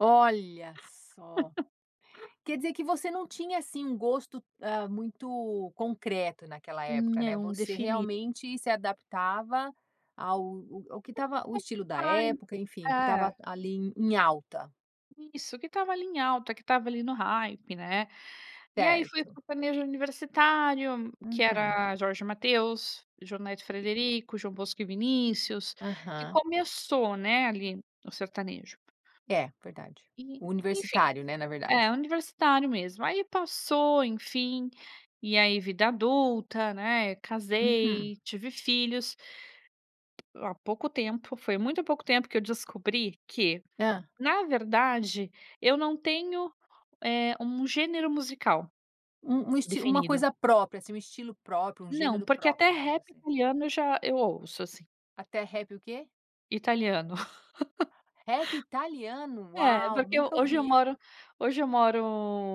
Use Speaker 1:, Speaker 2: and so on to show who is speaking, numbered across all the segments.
Speaker 1: Olha só. Quer dizer que você não tinha assim um gosto, hã, muito concreto naquela época, né.
Speaker 2: Não,
Speaker 1: Você
Speaker 2: defini.
Speaker 1: realmente se adaptava ao ao que estava o estilo da
Speaker 2: [unintelligible]
Speaker 1: época, enfim, o que
Speaker 2: É.
Speaker 1: estava ali em em alta.
Speaker 2: Isso, que estava ali em alta, que estava ali no hype, né. E aí, foi o
Speaker 1: Certo.
Speaker 2: sertanejo universitário, que
Speaker 1: Uhum.
Speaker 2: era Jorge e Mateus, João Neto e Frederico, João Bosco e Vinícius, que
Speaker 1: Aham.
Speaker 2: começou, né, ali no sertanejo.
Speaker 1: É verdade.
Speaker 2: E,
Speaker 1: O
Speaker 2: enfim.
Speaker 1: universitário, né, na
Speaker 2: É,
Speaker 1: verdade.
Speaker 2: universitário mesmo. Aí passou, enfim, e aí vida adulta, né,
Speaker 1: Uhum.
Speaker 2: casei, tive filhos. A pouco tempo, foi muito pouco tempo que eu descobri que,
Speaker 1: Hã.
Speaker 2: na verdade, eu não tenho, eh, um gênero musical
Speaker 1: Um um esti uma
Speaker 2: definido.
Speaker 1: coisa própria, assim, um estilo próprio, um
Speaker 2: Não,
Speaker 1: gênero
Speaker 2: porque até
Speaker 1: próprio, né.
Speaker 2: rap
Speaker 1: Você
Speaker 2: italiano eu já eu ouço, assim.
Speaker 1: Até rap o quê?
Speaker 2: Italiano.
Speaker 1: Rap italiano?
Speaker 2: É,
Speaker 1: Uau,
Speaker 2: porque eu
Speaker 1: nunca
Speaker 2: hoje eu
Speaker 1: ouvi.
Speaker 2: moro hoje eu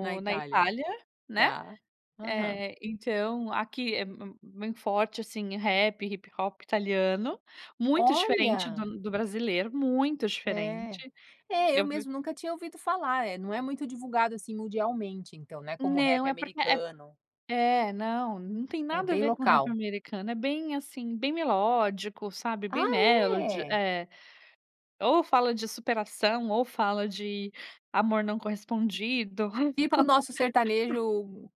Speaker 1: Na
Speaker 2: na
Speaker 1: Itália.
Speaker 2: Itália, né.
Speaker 1: Tá. Aham.
Speaker 2: Eh, então aqui é m m muito forte, assim, rap, hip-hop italiano. Muito diferente
Speaker 1: Olha.
Speaker 2: do do brasileiro, muito
Speaker 1: É.
Speaker 2: diferente.
Speaker 1: É, eu
Speaker 2: Eu vi
Speaker 1: mesmo nunca tinha ouvido falar. Eh, não é muito divulgado, assim, mundialmente, então, né, como o rap
Speaker 2: Não. É porque é
Speaker 1: americano.
Speaker 2: É, não, não tem
Speaker 1: É
Speaker 2: nada a
Speaker 1: bem
Speaker 2: ver com o rap
Speaker 1: local.
Speaker 2: americano. É bem assim, bem melódico, sabe,
Speaker 1: Ah,
Speaker 2: bem melody,
Speaker 1: é?
Speaker 2: é. Ou fala de superação ou fala de amor não correspondido.
Speaker 1: Tipo o nosso sertanejo,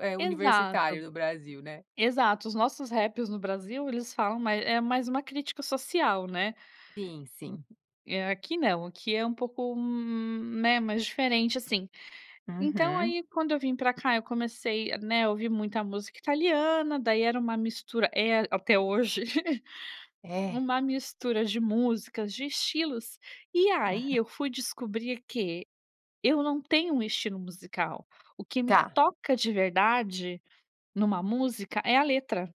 Speaker 1: eh, universitário
Speaker 2: Exato,
Speaker 1: no Brasil, né?
Speaker 2: exato. Os nossos raps no Brasil eles falam é mais uma crítica social, né.
Speaker 1: Sim, sim.
Speaker 2: É, aqui não, aqui é um pouco, né, mais diferente, assim. Então,
Speaker 1: Uhum.
Speaker 2: aí, quando eu vim pra cá, eu comecei, né, a ouvir muita música italiana. Daí era um mistura é até hoje um
Speaker 1: É?
Speaker 2: mistura de músicas, de estilos. E aí
Speaker 1: Uhum.
Speaker 2: eu fui descobrir que eu não tenho um estilo musical; o que me
Speaker 1: Tá.
Speaker 2: toca de verdade numa música, é a letra.